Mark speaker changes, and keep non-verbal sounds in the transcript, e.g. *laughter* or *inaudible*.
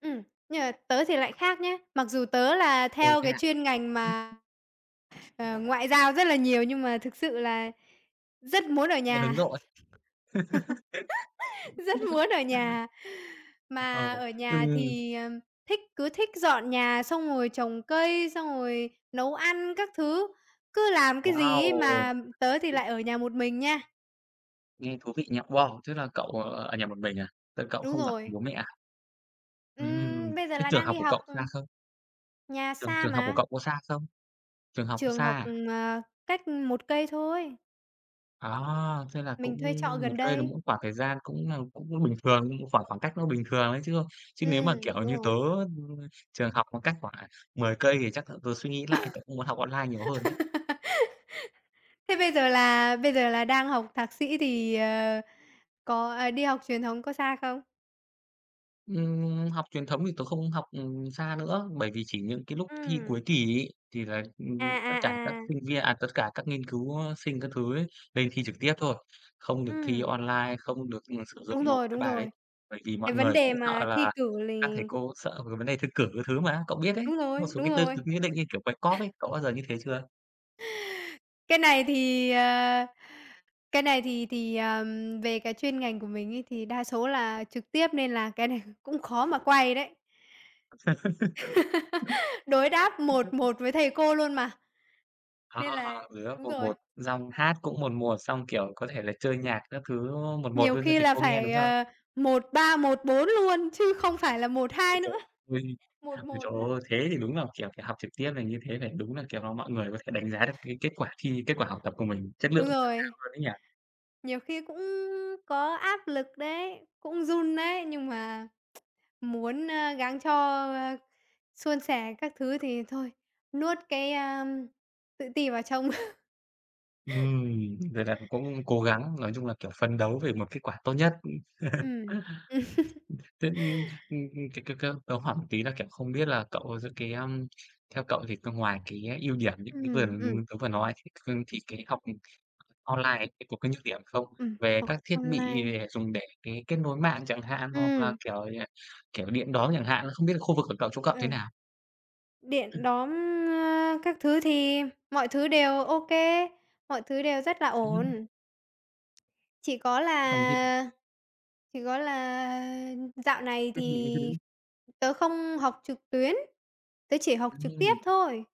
Speaker 1: Ừm, nhưng mà tớ thì lại khác nhá. Mặc dù tớ là
Speaker 2: Ồ,
Speaker 1: theo
Speaker 2: thế
Speaker 1: cái
Speaker 2: à?
Speaker 1: chuyên ngành mà, à, ngoại giao rất là nhiều nhưng mà thực sự là rất muốn ở
Speaker 2: À, hướng
Speaker 1: nhà,
Speaker 2: nội.
Speaker 1: *chuckles* rất
Speaker 2: *chuckles*
Speaker 1: muốn ở nhà. Mà
Speaker 2: Ồ,
Speaker 1: ở
Speaker 2: ừ.
Speaker 1: nhà thì, ừm, thích cứ thích dọn nhà xong rồi trồng cây, xong rồi nấu ăn các thứ. Cứ làm cái gì ấy,
Speaker 2: Wow!
Speaker 1: mà tớ thì
Speaker 2: Ờ.
Speaker 1: lại ở nhà một mình nha.
Speaker 2: Nghe thú vị nha. Wow! Thế là cậu, ờ, ở nhà một mình à? Thế là cậu
Speaker 1: Đúng
Speaker 2: không ở với
Speaker 1: rồi.
Speaker 2: bố mẹ à? Ừm,
Speaker 1: Ừm, bây giờ
Speaker 2: thế
Speaker 1: là
Speaker 2: trường
Speaker 1: đang
Speaker 2: học
Speaker 1: đi
Speaker 2: của
Speaker 1: học,
Speaker 2: cậu xa
Speaker 1: ừm.
Speaker 2: không?
Speaker 1: Nhà
Speaker 2: Trường
Speaker 1: xa
Speaker 2: trường học của
Speaker 1: mà.
Speaker 2: cậu có xa không? Trường học
Speaker 1: Trường
Speaker 2: xa
Speaker 1: học,
Speaker 2: à?
Speaker 1: ừm, à, cách, ừm, 1 cây thôi.
Speaker 2: À! Thế là
Speaker 1: Mình
Speaker 2: cũng
Speaker 1: thuê trọ
Speaker 2: 1
Speaker 1: gần
Speaker 2: cây là
Speaker 1: đây.
Speaker 2: cũng khoảng thời gian cũng là cũng bình thường, khoảng khoảng cách nó bình thường ấy chứ, ơ. Chứ nếu mà,
Speaker 1: Ừm,
Speaker 2: kiểu
Speaker 1: đúng
Speaker 2: như, tớ,
Speaker 1: rồi.
Speaker 2: ừm, trường học mà cách khoảng, à, 10 cây thì chắc là tớ suy nghĩ lại, tớ cũng muốn học online nhiều hơn đấy.
Speaker 1: *laughs* Thế bây giờ là bây giờ là đang học thạc sĩ thì, ờ, có à, đi học truyền thống có xa không?
Speaker 2: Ừm, học truyền thống thì tớ không học, ừm, xa nữa, bởi vì chỉ những cái lúc thi
Speaker 1: Ừm.
Speaker 2: cuối kỳ ấy thì là,
Speaker 1: À,
Speaker 2: ừm, tất cả các
Speaker 1: à, à!
Speaker 2: sinh viên, à, tất cả các nghiên cứu, á, sinh các thứ ấy lên thi trực tiếp thôi. Không được thi
Speaker 1: Ừm.
Speaker 2: online, không được, ừm, sử dụng
Speaker 1: Đúng
Speaker 2: nộp
Speaker 1: rồi,
Speaker 2: cái
Speaker 1: đúng
Speaker 2: bài đấy.
Speaker 1: rồi.
Speaker 2: Bởi vì mọi
Speaker 1: Cái vấn
Speaker 2: người cũng
Speaker 1: đề
Speaker 2: sợ
Speaker 1: mà thi
Speaker 2: là
Speaker 1: cử
Speaker 2: các thầy
Speaker 1: lì
Speaker 2: cô cũng sợ về cái vấn đề thi cử các thứ mà. Cậu biết đấy,
Speaker 1: Đúng
Speaker 2: có một
Speaker 1: rồi,
Speaker 2: số
Speaker 1: đúng
Speaker 2: cái tư
Speaker 1: rồi.
Speaker 2: tưởng nhất định, như kiểu quay cóp ấy. Cậu bao giờ như thế chưa?
Speaker 1: Cái này thì à, cái này thì thì, à, ừm, về cái chuyên ngành của mình ấy thì đa số là trực tiếp, nên là cái này cũng khó mà quay đấy.
Speaker 2: *laughs*
Speaker 1: *laughs* Đối đáp một
Speaker 2: *unintelligible*
Speaker 1: một với thầy cô luôn mà.
Speaker 2: À,
Speaker 1: Nên là
Speaker 2: đối đáp
Speaker 1: đúng
Speaker 2: một
Speaker 1: rồi.
Speaker 2: một. Dòng hát cũng 1:1, xong kiểu, có thể là chơi nhạc các thứ, đúng không? 1:1
Speaker 1: Nhiều
Speaker 2: luôn cho
Speaker 1: khi
Speaker 2: thầy
Speaker 1: là
Speaker 2: cô nghe, đúng
Speaker 1: phải
Speaker 2: không?
Speaker 1: à 1:3, 1:4 luôn chứ không phải là một
Speaker 2: Ôi
Speaker 1: hai
Speaker 2: trời
Speaker 1: nữa,
Speaker 2: ơi!
Speaker 1: một
Speaker 2: Ôi
Speaker 1: một
Speaker 2: trời
Speaker 1: nữa.
Speaker 2: ơi! Thế thì đúng là kiểu phải học trực tiếp là như thế này. Đúng là, kiểu là, mọi người có thể đánh giá được cái kết quả thi, kết quả học tập của mình. Chất lượng
Speaker 1: Đúng
Speaker 2: ra
Speaker 1: rồi.
Speaker 2: sao luôn ấy nhỉ?
Speaker 1: Nhiều khi cũng có áp lực đấy, cũng run đấy, nhưng mà, *tsk* muốn, a, gắng cho, a, suôn sẻ các thứ thì thôi, nuốt cái, a, tự ti vào trong. *chuckles*
Speaker 2: Ừm. Vậy là cậu cũng cố gắng, nói chung là, kiểu, phấn đấu về một kết quả tốt nhất. Ừm.
Speaker 1: Ừm. Ừm.
Speaker 2: *chuckles* Thế, ừm ừm, cái cái cái tớ hỏi một tí là, kiểu, không biết là cậu, à, giữa cái à theo cậu thì c ngoài cái ưu điểm như
Speaker 1: Ừm,
Speaker 2: như vừa,
Speaker 1: ừm, ừm.
Speaker 2: ừm, tớ vừa nói thì c thì cái học, ừm, c online ấy cái có cái nhược điểm không?
Speaker 1: Ừm,
Speaker 2: Về
Speaker 1: học
Speaker 2: các thiết bị
Speaker 1: online.
Speaker 2: dùng để, cái, kết nối mạng chẳng hạn, hoặc là
Speaker 1: Ừm.
Speaker 2: kiểu như kiểu, điện đóm chẳng hạn. À, không biết là khu vực của cậu, chỗ cậu
Speaker 1: Ờ.
Speaker 2: thế nào?
Speaker 1: Điện
Speaker 2: Ừm.
Speaker 1: đóm, á, các thứ thì mọi thứ đều OK, mọi thứ đều rất là
Speaker 2: Ừm.
Speaker 1: ổn. Chỉ có
Speaker 2: Còn cái
Speaker 1: là chỉ có là dạo này
Speaker 2: Ừm,
Speaker 1: thì
Speaker 2: những những cái đấy.
Speaker 1: tớ không học trực tuyến. Tớ chỉ học trực tiếp
Speaker 2: Ừm.
Speaker 1: thôi.